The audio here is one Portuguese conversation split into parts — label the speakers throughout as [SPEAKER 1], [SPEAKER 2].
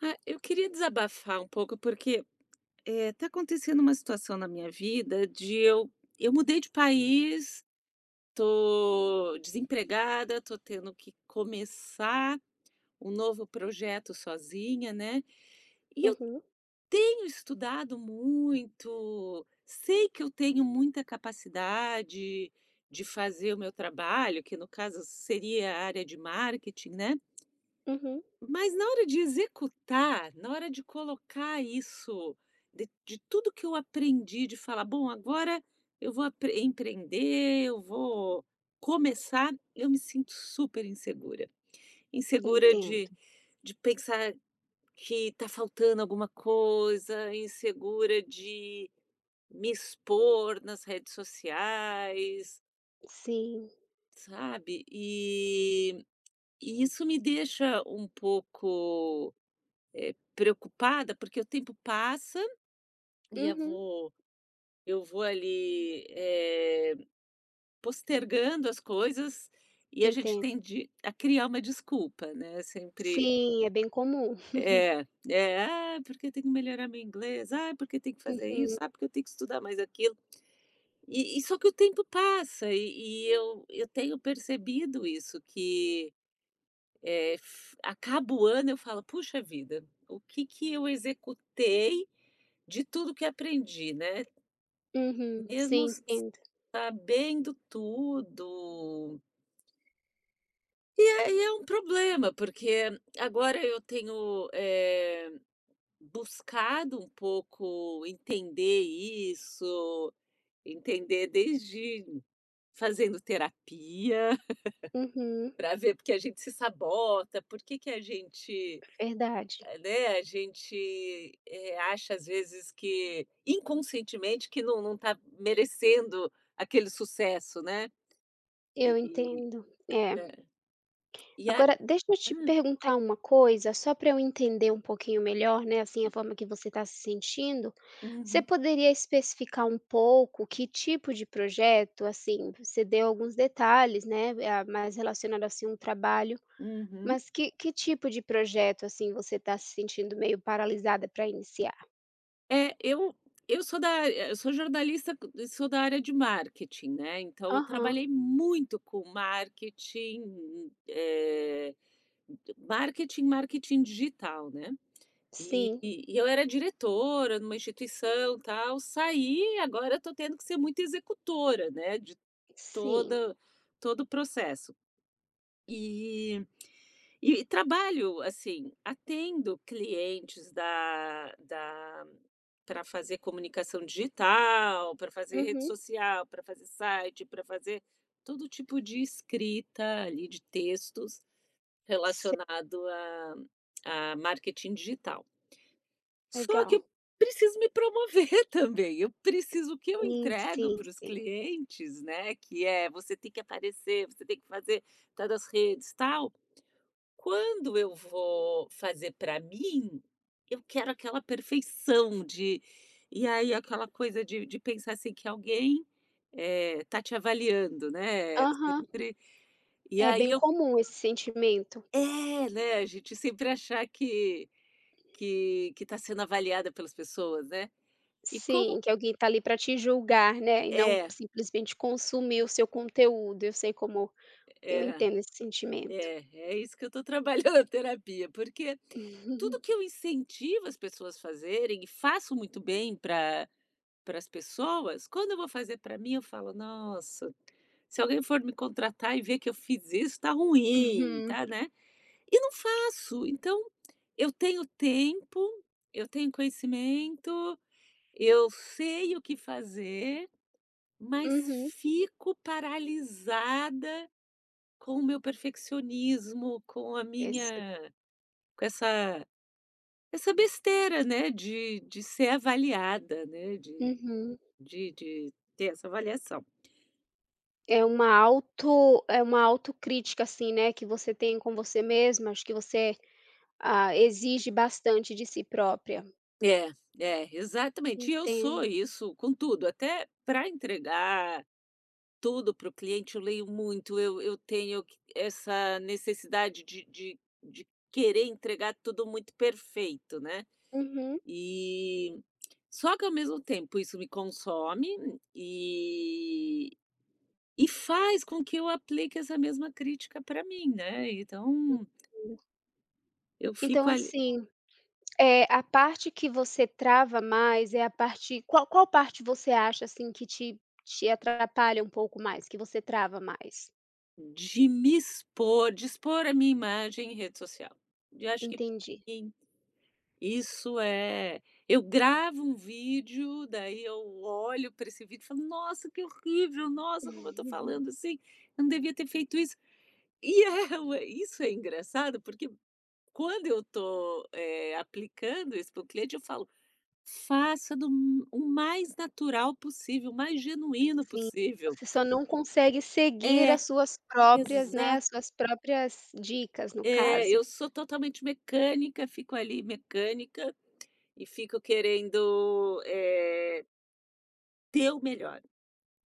[SPEAKER 1] Ah, eu queria desabafar um pouco, porque, eh, tá acontecendo uma situação na minha vida de eu eu mudei de país, estou desempregada, estou tendo que começar um novo projeto sozinha, né. E eu
[SPEAKER 2] Uhum.
[SPEAKER 1] tenho estudado muito, sei que eu tenho muita capacidade de fazer o meu trabalho, que no caso seria a área de marketing, né.
[SPEAKER 2] Uhum.
[SPEAKER 1] Mas na hora de executar, na hora de colocar isso de de tudo que eu aprendi, de falar: "Bom, agora eu vou apre empreender, eu vou começar", eu me sinto super insegura. Insegura de
[SPEAKER 2] Entendo.
[SPEAKER 1] de pensar que tá faltando alguma coisa, insegura de me expor nas redes sociais
[SPEAKER 2] Sim.
[SPEAKER 1] sabe. E e isso me deixa um pouco, eh, preocupada, porque o tempo passa e a
[SPEAKER 2] Uhum.
[SPEAKER 1] vou eu vou ali, eh, postergando as coisas e a gente
[SPEAKER 2] Entendo.
[SPEAKER 1] tende a criar uma desculpa, né, sempre
[SPEAKER 2] Sim, é bem comum.
[SPEAKER 1] É, é: "Ah, porque eu tenho que melhorar meu inglês. Ah, porque eu tenho que fazer isso.
[SPEAKER 2] Uhum.
[SPEAKER 1] Ah, porque eu tenho que estudar mais aquilo". E e só que o tempo passa e e eu eu tenho percebido isso, que, eh, f acaba o ano eu falo: "Poxa vida, o que que eu executei de tudo que aprendi?" Né.
[SPEAKER 2] Uhum,
[SPEAKER 1] Mesmo
[SPEAKER 2] Sim,
[SPEAKER 1] s s
[SPEAKER 2] entendo.
[SPEAKER 1] sabendo tudo. E aí é um problema, porque agora eu tenho, eh, buscado um pouco entender isso, entender desde fazendo terapia
[SPEAKER 2] Uhum.
[SPEAKER 1] pra ver porque a gente se sabota, por que que a gente
[SPEAKER 2] Verdade.
[SPEAKER 1] a né, a gente, eh, acha às vezes, que inconscientemente que não não tá merecendo aquele sucesso, né.
[SPEAKER 2] Eu
[SPEAKER 1] E
[SPEAKER 2] entendo. É.
[SPEAKER 1] É. E a
[SPEAKER 2] Agora deixa eu te
[SPEAKER 1] Hum.
[SPEAKER 2] perguntar uma coisa, só pra eu entender um pouquinho melhor, né, assim, a
[SPEAKER 1] Hum.
[SPEAKER 2] forma que você tá se sentindo. Você
[SPEAKER 1] Uhum.
[SPEAKER 2] poderia especificar um pouco que tipo de projeto assim, você deu alguns detalhes, né, eh, mais relacionado, assim, ao trabalho,
[SPEAKER 1] Uhum.
[SPEAKER 2] mas que, que tipo de projeto, assim, você tá se sentindo meio paralisada pra iniciar?
[SPEAKER 1] É, eu eu sou da a eu sou jornalista, g sou da área de marketing, né. Então eu
[SPEAKER 2] Aham.
[SPEAKER 1] trabalhei muito com marketing, eh, m marketing marketing digital, né. E
[SPEAKER 2] Sim.
[SPEAKER 1] e eu era diretora numa instituição, tal, saí, agora eu estou tendo que ser muito executora, né, de
[SPEAKER 2] Sim.
[SPEAKER 1] toda todo o processo. E e trabalho, assim, atendo clientes da da pra fazer comunicação digital, pra fazer rede
[SPEAKER 2] Uhum.
[SPEAKER 1] social, pra fazer site, pra fazer todo tipo de escrita ali, de textos
[SPEAKER 2] Si
[SPEAKER 1] relacionado a a marketing digital. Só que
[SPEAKER 2] Legal.
[SPEAKER 1] eu preciso me promover também, eu preciso. O que eu
[SPEAKER 2] Sim,
[SPEAKER 1] entrego
[SPEAKER 2] sim,
[SPEAKER 1] para os
[SPEAKER 2] sim.
[SPEAKER 1] clientes, né, que é você tem que aparecer, você tem que fazer tal das redes, tal. Quando eu vou fazer pra mim, eu quero aquela perfeição de e aí aquela coisa de de pensar, assim, que alguém, eh, tá te avaliando, né,
[SPEAKER 2] Aham.
[SPEAKER 1] sempre E
[SPEAKER 2] É
[SPEAKER 1] aí
[SPEAKER 2] bem
[SPEAKER 1] eu
[SPEAKER 2] comum esse sentimento.
[SPEAKER 1] É, né, a gente sempre achar que que que tá sendo avaliada pelas pessoas, né. E
[SPEAKER 2] Sim,
[SPEAKER 1] como
[SPEAKER 2] que alguém tá ali pra te julgar, né, e não
[SPEAKER 1] É.
[SPEAKER 2] simplesmente consumir o seu conteúdo. Eu sei como eu
[SPEAKER 1] É.
[SPEAKER 2] entendo esse sentimento.
[SPEAKER 1] É, é isso que eu estou trabalhando na terapia, porque tudo que eu incentivo as pessoas fazerem e faço muito bem para para as pessoas, quando eu vou fazer pra mim, eu falo: "Nossa, se alguém for me contratar e ver que eu fiz isso, tá ruim,
[SPEAKER 2] Uhum.
[SPEAKER 1] tá", né, e não faço. Então, eu tenho tempo, eu tenho conhecimento, eu sei o que fazer, mas
[SPEAKER 2] Uhum.
[SPEAKER 1] fico paralisada com o meu perfeccionismo, com a
[SPEAKER 2] É, sim.
[SPEAKER 1] minha com essa essa besteira, né, de de ser avaliada, né, de
[SPEAKER 2] Uhum.
[SPEAKER 1] de de ter essa avaliação.
[SPEAKER 2] É uma auto é uma auto-crítica assim, né, que você tem com você mesma, acho que você, hã, exige bastante de si própria.
[SPEAKER 1] É, é exatamente. E eu sou
[SPEAKER 2] Entendo.
[SPEAKER 1] isso com tudo, até pra entregar tudo pro cliente, eu leio muito, eu eu tenho essa necessidade de de de querer entregar tudo muito perfeito, né?
[SPEAKER 2] Uhum.
[SPEAKER 1] E só que ao mesmo tempo isso me consome e e faz com que eu aplique essa mesma crítica pra mim, né, então
[SPEAKER 2] Uhum.
[SPEAKER 1] eu fico
[SPEAKER 2] Então,
[SPEAKER 1] ali.
[SPEAKER 2] assim, eh, a parte que você trava mais é a parte qual qual parte você acha, assim, que te te atrapalha um pouco mais, que você trava mais?
[SPEAKER 1] De me expor, de expor a minha imagem em rede social. E acho que
[SPEAKER 2] Entendi.
[SPEAKER 1] que isso é eu gravo um vídeo, daí eu olho pra esse vídeo e falo: "Nossa, que horrível, nossa, como eu tô falando assim, eu não devia ter feito isso". E é, isso é engraçado, porque quando eu tô, eh, aplicando isso pro cliente, eu falo faça do m o mais natural possível, o mais genuíno
[SPEAKER 2] Sim,
[SPEAKER 1] possível.
[SPEAKER 2] você só não consegue seguir
[SPEAKER 1] É,
[SPEAKER 2] as suas próprias, né,
[SPEAKER 1] exata
[SPEAKER 2] as suas próprias dicas, no
[SPEAKER 1] É,
[SPEAKER 2] caso.
[SPEAKER 1] eu sou totalmente mecânica, fico ali mecânica e fico querendo, eh Dê o melhor.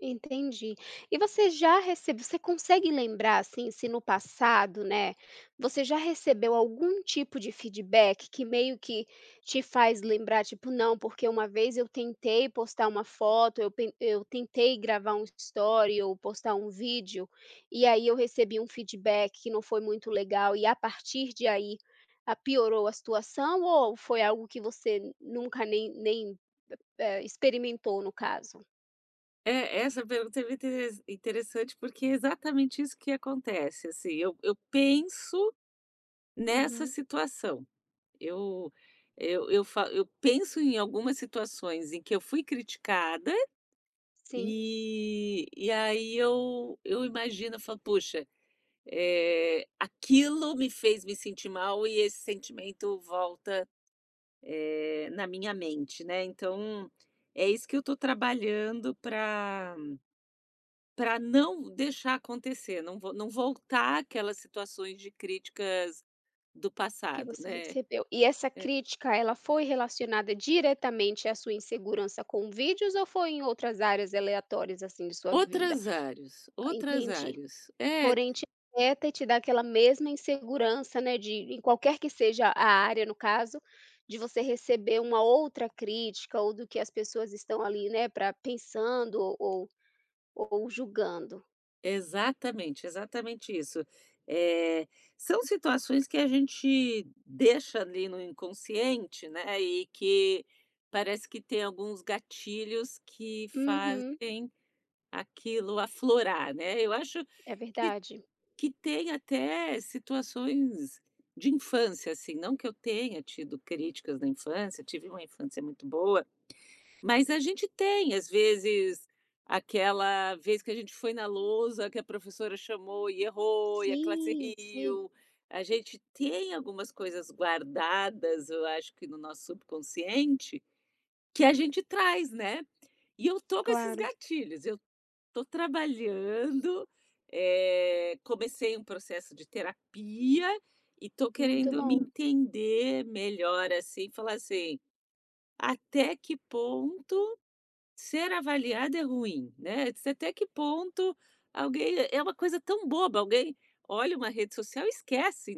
[SPEAKER 2] Entendi. E você já receb você consegue lembrar, assim, se no passado, né, você já recebeu algum tipo de feedback que meio que te faz lembrar, tipo: "Não, porque uma vez eu tentei postar uma foto, eu pen eu tentei gravar um story ou postar um vídeo, e aí eu recebi um feedback que não foi muito legal", e a partir de aí, a piorou a situação, ou foi algo que você nunca nem nem e eh, experimentou, no caso?
[SPEAKER 1] É, essa pergunta é muito interes interessante, porque exatamente isso que acontece, assim, eu eu penso nessa
[SPEAKER 2] Uhum.
[SPEAKER 1] situação. Eu eu eu fa eu penso em algumas situações em que eu fui criticada
[SPEAKER 2] Sim.
[SPEAKER 1] e e aí eu eu imagino, falo: "Poxa, eh, aquilo me fez me sentir mal e esse sentimento volta, eh, na minha mente", né. Então é isso que eu tô trabalhando pra pra não deixar acontecer, não vo não voltar àquelas situações de críticas do
[SPEAKER 2] Que
[SPEAKER 1] passado,
[SPEAKER 2] você
[SPEAKER 1] né.
[SPEAKER 2] recebeu. E essa
[SPEAKER 1] É
[SPEAKER 2] crítica, ela foi relacionada diretamente à sua insegurança com vídeos ou foi em outras áreas aleatórias, assim, de sua vida?
[SPEAKER 1] Outras áreas. Outras
[SPEAKER 2] Entendi.
[SPEAKER 1] áreas. É.
[SPEAKER 2] Porém te afeta e te dá aquela mesma insegurança, né, de em qualquer que seja a área, no caso, de você receber uma outra crítica ou do que as pessoas estão ali, né, pra pensando ou ou ou julgando.
[SPEAKER 1] Exatamente, exatamente isso. Eh, são situações que a gente deixa ali no inconsciente, né, e que parece que tem alguns gatilhos que
[SPEAKER 2] Uhum.
[SPEAKER 1] fazem aquilo aflorar, né, eu acho
[SPEAKER 2] É
[SPEAKER 1] que
[SPEAKER 2] verdade.
[SPEAKER 1] que tem até situações de infância, assim. Não que eu tenha tido críticas na infância, tive uma infância muito boa, mas a gente tem, às vezes, aquela vez que a gente foi na lousa, que a professora chamou e errou e a classe
[SPEAKER 2] Sim, sim.
[SPEAKER 1] riu. A gente tem algumas coisas guardadas, eu acho que no nosso subconsciente, que a gente traz, né, e eu tô com esses
[SPEAKER 2] Claro.
[SPEAKER 1] gatilhos, eu tô trabalhando, eh, comecei um processo de terapia e tô
[SPEAKER 2] Muito
[SPEAKER 1] querendo me
[SPEAKER 2] bom.
[SPEAKER 1] entender melhor, assim, e falar, assim: "Até que ponto ser avaliada é ruim", né, de ser até que ponto alguém é uma coisa tão boba, alguém olha uma rede social e esquece.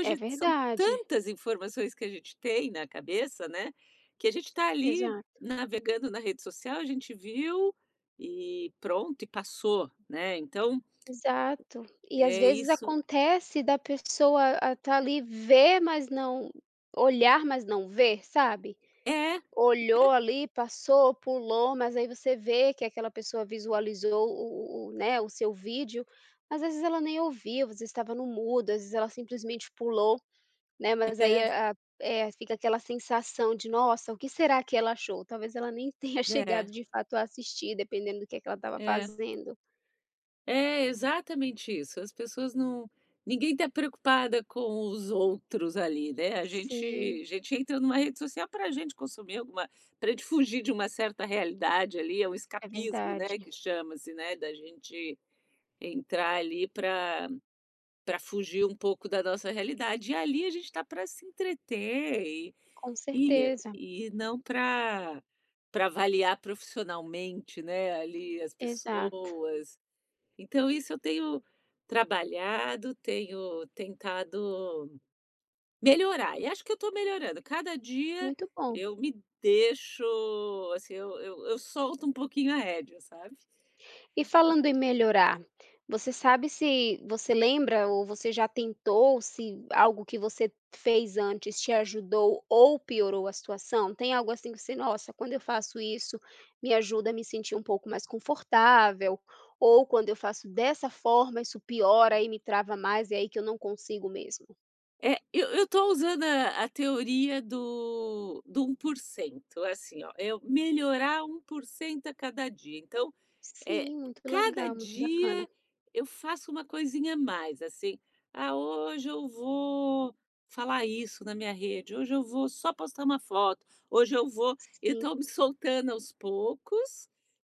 [SPEAKER 2] É
[SPEAKER 1] são
[SPEAKER 2] verdade.
[SPEAKER 1] tantas informações que a gente tem na cabeça, né, que a gente tá ali
[SPEAKER 2] Exato.
[SPEAKER 1] navegando na rede social, a gente viu e pronto, e passou, né, então
[SPEAKER 2] Exato. E, às
[SPEAKER 1] É,
[SPEAKER 2] vezes,
[SPEAKER 1] isso
[SPEAKER 2] acontece da pessoa, a tá ali, ver, mas não olhar, mas não ver, sabe,
[SPEAKER 1] É, é.
[SPEAKER 2] olhou ali, passou, pulou, mas aí você vê que aquela pessoa visualizou o o o né, o seu vídeo, às vezes ela nem ouviu, às vezes estava no mudo, às vezes ela simplesmente pulou, né, mas aí
[SPEAKER 1] É.
[SPEAKER 2] a a eh, fica aquela sensação de: "Nossa, o que será que ela achou?" Talvez ela nem tenha chegado,
[SPEAKER 1] É.
[SPEAKER 2] de fato, a assistir dependendo do que que ela estava
[SPEAKER 1] É.
[SPEAKER 2] fazendo.
[SPEAKER 1] É, exatamente isso. As pessoas não ninguém tá preocupada com os outros ali, né, a gente
[SPEAKER 2] Sim.
[SPEAKER 1] a gente entra numa rede social pra gente consumir alguma pra gente fugir de uma certa realidade ali. É o
[SPEAKER 2] É
[SPEAKER 1] escapismo, né, que
[SPEAKER 2] verdade.
[SPEAKER 1] chama-se, né, da gente entrar ali pra pra fugir um pouco da nossa realidade. E ali a gente tá pra se entreter
[SPEAKER 2] Com
[SPEAKER 1] e
[SPEAKER 2] certeza.
[SPEAKER 1] e não pra pra avaliar profissionalmente, né, ali as
[SPEAKER 2] Exato.
[SPEAKER 1] pessoas. Então isso eu tenho trabalhado, tenho tentado melhorar. E acho que eu tô melhorando. Cada dia
[SPEAKER 2] Muito bom.
[SPEAKER 1] eu me deixo, assim, eu eu eu solto um pouquinho a rédea, sabe.
[SPEAKER 2] E,
[SPEAKER 1] [unintelligible]
[SPEAKER 2] falando em melhorar, você sabe se você lembra ou você já tentou, se algo que você fez antes te ajudou ou piorou a situação? Tem algo, assim, que você: "Nossa, quando eu faço isso, me ajuda a me sentir um pouco mais confortável" ou: "Quando eu faço dessa forma, isso piora e me trava mais, e é aí que eu não consigo mesmo"?
[SPEAKER 1] É, eu eu tô usando a a teoria do do 1%, é assim, ó, eu melhorar 1% a cada dia, então, eh,
[SPEAKER 2] Sim, muito
[SPEAKER 1] cada
[SPEAKER 2] legal, muito bacana.
[SPEAKER 1] dia eu faço uma coisinha a mais, assim: "Ah, hoje eu vou falar isso na minha rede. Hoje eu vou só postar uma foto. Hoje eu vou" Eu
[SPEAKER 2] Sim.
[SPEAKER 1] tô me soltando aos poucos,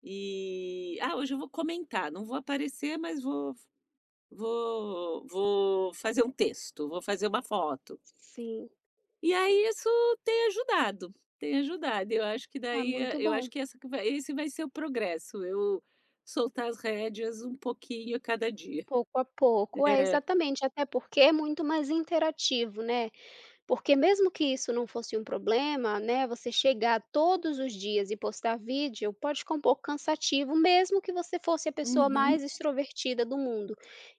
[SPEAKER 1] e: "Ah, hoje eu vou comentar, não vou aparecer, mas vou v vou vou fazer um texto, vou fazer uma foto".
[SPEAKER 2] Sim.
[SPEAKER 1] E aí isso tem ajudado, tem ajudado. Eu acho que
[SPEAKER 2] Ah,
[SPEAKER 1] daí a
[SPEAKER 2] muito
[SPEAKER 1] eu
[SPEAKER 2] bom.
[SPEAKER 1] acho que essa que vai esse vai ser o progresso, eu soltar as rédeas um pouquinho a cada dia.
[SPEAKER 2] Pouco a pouco. É,
[SPEAKER 1] É.
[SPEAKER 2] exatamente, até porque é muito mais interativo, né, porque mesmo que isso não fosse um problema, né, você chegar todos os dias e postar vídeo pode ficar um pouco cansativo, mesmo que você fosse a pessoa
[SPEAKER 1] Uhum.
[SPEAKER 2] mais extrovertida do mundo.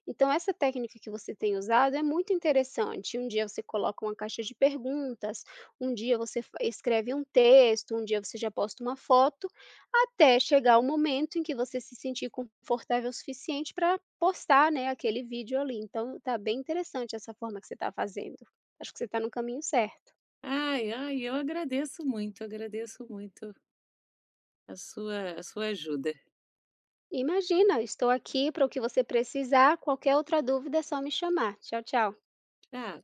[SPEAKER 2] Então essa técnica que você tem usado é muito interessante, um dia você coloca uma caixa de perguntas, um dia você fa escreve um texto, um dia você já posta uma foto, até chegar o momento em que você se sentir confortável o suficiente pra postar, né, aquele vídeo ali, então tá bem interessante essa forma que você tá fazendo. Acho que você tá num caminho certo.
[SPEAKER 1] Ai, ai, eu agradeço muito, agradeço muito a sua a sua ajuda.
[SPEAKER 2] Imagina, estou aqui para o que você precisar, qualquer outra dúvida, é só me chamar. Tchau, tchau.
[SPEAKER 1] Tá.